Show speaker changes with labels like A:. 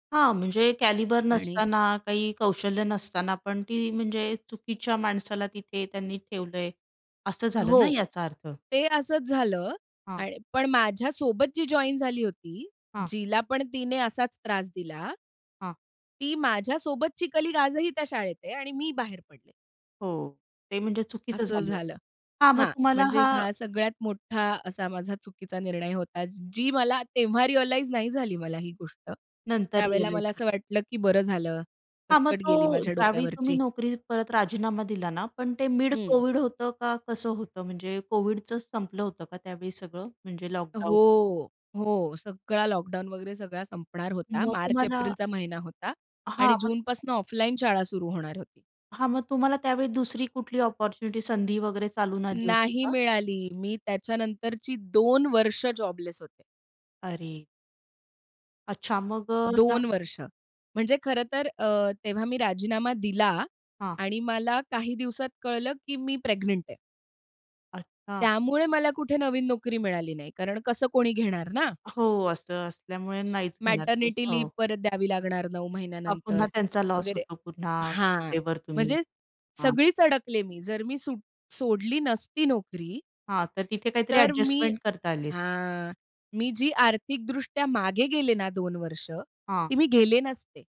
A: हां, म्हणजे कॅलिबर
B: आणि
A: नसताना, काही कौशल्य नसताना पण ती म्हणजे चुकीच्या माणसाला तिथे त्यांनी ठेवलंय. असं झालं ना
B: हो,
A: याचा अर्थ?
B: ते असंच झालं
A: हां.
B: आणि पण माझ्यासोबत जी जॉइन झाली होती,
A: हां.
B: जिला पण तिने असाच त्रास दिला
A: हां.
B: ती माझ्यासोबतची कलीग आजही त्या शाळेत आहे आणि मी बाहेर पडले.
A: हो, ते म्हणजे चुकीचं
B: असं
A: झालं
B: झालं
A: हां, मग
B: हां,
A: तुम्हाला
B: म्हणजे
A: हा
B: ह्या सगळ्यात मोठा असा माझा चुकीचा निर्णय होता. जी मला तेव्हा रिअलाइझ नाही झाली मला ही गोष्ट,
A: नंतर
B: त्यावेळेला मला
A: रिअलाईज
B: असं
A: झालं.
B: वाटलं की बरं झालं
A: हां, मग
B: कटकट
A: तो
B: गेली माझ्या
A: ज्यावेळी तुम्ही
B: डोक्यावरची.
A: नोकरी परत राजीनामा दिला ना, पण ते
B: हं.
A: मिड-कोव्हिड होतं का कसं होतं? म्हणजे कोव्हिडच संपलं होतं का त्यावेळी सगळं, म्हणजे लॉकडाऊन?
B: हो. हो, सगळा लॉकडाउन वगैरे सगळा संपणार होता.
A: मग
B: मार्च,
A: तुम्हाला
B: एप्रिलचा महिना होता
A: हां.
B: आणि
A: मग
B: जूनपासून ऑफलाईन शाळा सुरु होणार होती.
A: हां, मग तुम्हाला त्यावेळी दुसरी कुठली अपॉर्च्युनिटी, संधी वगैरे चालून आली होती
B: नाही
A: का?
B: मिळाली. मी त्याच्यानंतरची 2 वर्ष जॉबलेस होते.
A: अरे! अच्छा, मग अ, ह्या
B: 2 वर्ष, म्हणजे खरं तर अ, तेव्हा मी राजीनामा दिला
A: हां.
B: आणि मला काही दिवसांत कळलं की मी प्रेग्नंट आहे.
A: अच्छा.
B: त्यामुळे मला कुठे नवीन नोकरी मिळाली नाही कारण कसं कोणी घेणार ना?
A: हो, असं असल्यामुळे नाहीच घेणार ते.
B: मॅटर्निटी लिव्ह
A: हो.
B: परत द्यावी लागणार 9
A: हां, पुन्हा
B: महिन्यानंतर
A: त्यांचा लॉस
B: वगैरे
A: होतो. पुन्हा
B: हां,
A: रजेवर तुम्ही
B: म्हणजे
A: हां.
B: सगळीच अडकले मी. जर मी सूट सोडली नसती नोकरी
A: हां, तर तिथे काहीतरी
B: तर मी
A: अ‍ॅडजस्टमेंट करता आली असती.
B: हां, मी जी आर्थिकदृष्ट्या मागे गेले ना 2 वर्ष,
A: हां.
B: ती मी गेले नसते.